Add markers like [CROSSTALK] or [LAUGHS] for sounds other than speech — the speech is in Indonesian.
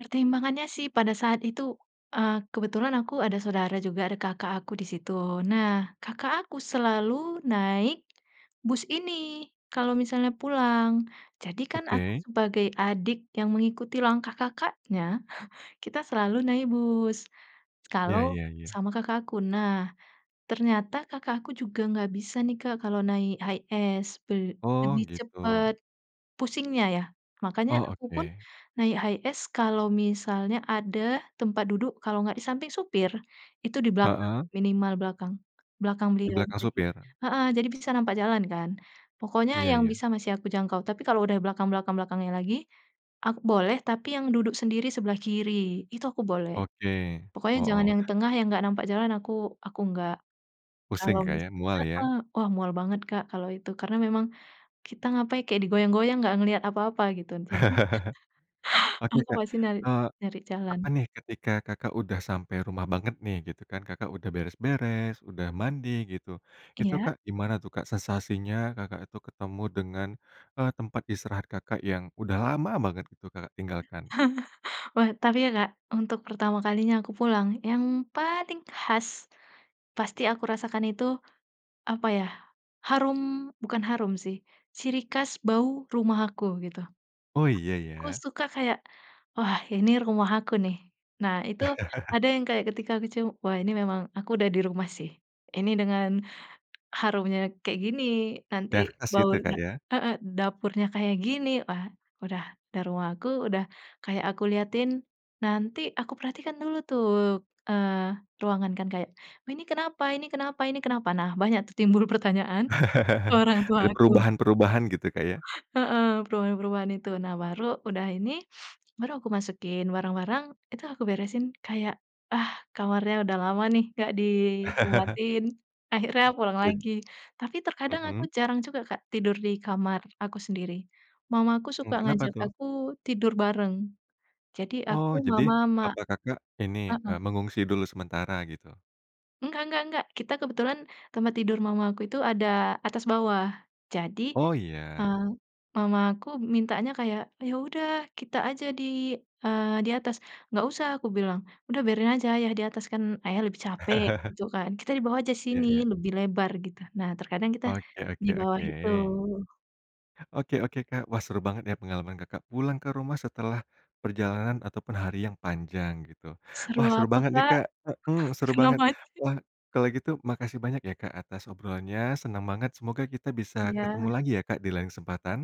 Pertimbangannya sih pada saat itu, eee, kebetulan aku ada saudara juga, ada kakak aku di situ. Nah, kakak aku selalu naik bus ini kalau misalnya pulang, jadi kan aku Oke. sebagai adik yang mengikuti langkah kakaknya, [CHUCKLES] kita selalu naik bus kalau Ya ya ya. sama kakakku. Nah, ternyata kakakku juga nggak bisa nih, Kak, kalau naik HiAce, be Oh, lebih gitu. cepet pusingnya, ya. Makanya Oh, akupun oke. naik HiAce kalau misalnya ada tempat duduk, kalau nggak di samping supir, itu di belakang, Heeh. minimal belakang, belakang Di beliau. belakang Jadi supir. heeh, jadi bisa nampak jalan kan, pokoknya Iya yang iya. bisa masih aku jangkau, tapi kalau udah belakang belakang belakangnya lagi, boleh, tapi yang duduk sendiri sebelah kiri itu aku boleh, Oke, pokoknya jangan yang heeh. tengah, yang enggak nampak jalan, aku aku enggak. Kalo Pusing, Kak, mis ya, mual, ya. heeh, wah, mual banget, Kak, kalau itu karena memang kita ngapain, kayak digoyang-goyang, nggak ngelihat apa-apa, gitu, jadi [CHUCKLES] Oke, Aku Kak, masih nyari eee, nyari jalan. apa nih, ketika Kakak udah sampai rumah banget, nih, gitu kan, Kakak udah beres-beres, udah mandi, gitu. Itu, Iya. Kak, gimana tuh, Kak, sensasinya Kakak itu ketemu dengan, eee, tempat istirahat Kakak yang udah lama banget gitu Kakak tinggalkan? [LAUGHS] Wah, tapi ya, Kak, untuk pertama kalinya, aku pulang yang paling khas, pasti aku rasakan itu, apa ya, harum bukan harum sih, ciri khas bau rumah aku, gitu. Oh, iya, Ku ya. suka kayak, "Wah, ini rumah aku, nih." Nah, itu [CHUCKLES] ada yang kayak ketika kecil, wah, ini memang aku udah di rumah sih, ini dengan harumnya kayak gini, nanti Iya, ke bau situ ya, Kak, da ya. heeh, dapurnya kayak gini, wah, udah udah rumah aku, udah kayak aku liatin, nanti aku perhatikan dulu tuh, eee, ruangan kan, kayak "Ini kenapa ini kenapa ini kenapa." Nah, banyak tuh timbul pertanyaan ke [CHUCKLES] orang tua Ada aku. perubahan-perubahan, gitu, Kak, ya Heeh, perubahan-perubahan itu. Nah, baru udah ini, baru aku masukin barang-barang, itu aku beresin kayak, "Ah, kamarnya udah lama nih nggak [CHUCKLES] dibuatin akhirnya pulang E lagi." Tapi terkadang aku Mhm. jarang juga, Kak, tidur di kamar aku sendiri. Mama aku suka Mmm, kenapa, ngajak tuh? aku tidur bareng, jadi aku, Oh, jadi Mama, sama papah Kakak ini, heeh. eee, mengungsi dulu sementara, gitu? Enggak enggak enggak, kita kebetulan tempat tidur Mama aku itu ada atas bawah, jadi, Oh, iya. eee, Mama aku mintanya kayak, "Ya, udah kita aja di, eee, di atas." "Nggak usah," aku bilang. "Udah biarin aja Ayah di atas, kan Ayah lebih capek," [CHUCKLES] gitu kan, "kita di bawah aja Iya sini, iya. lebih lebar," gitu. Nah, terkadang kita Oke di oke bawah oke. itu. Oke oke, Kak, wah, seru banget ya, pengalaman Kakak pulang ke rumah setelah perjalanan ataupun hari yang panjang, gitu. Seru Wah, seru apa, banget nih, Kak? Kak, mhm, seru Kena banget. macet. Wah, kalau gitu makasih banyak ya, Kak, atas obrolannya, senang banget, semoga kita bisa ketemu Iya. lagi ya, Kak, di lain kesempatan.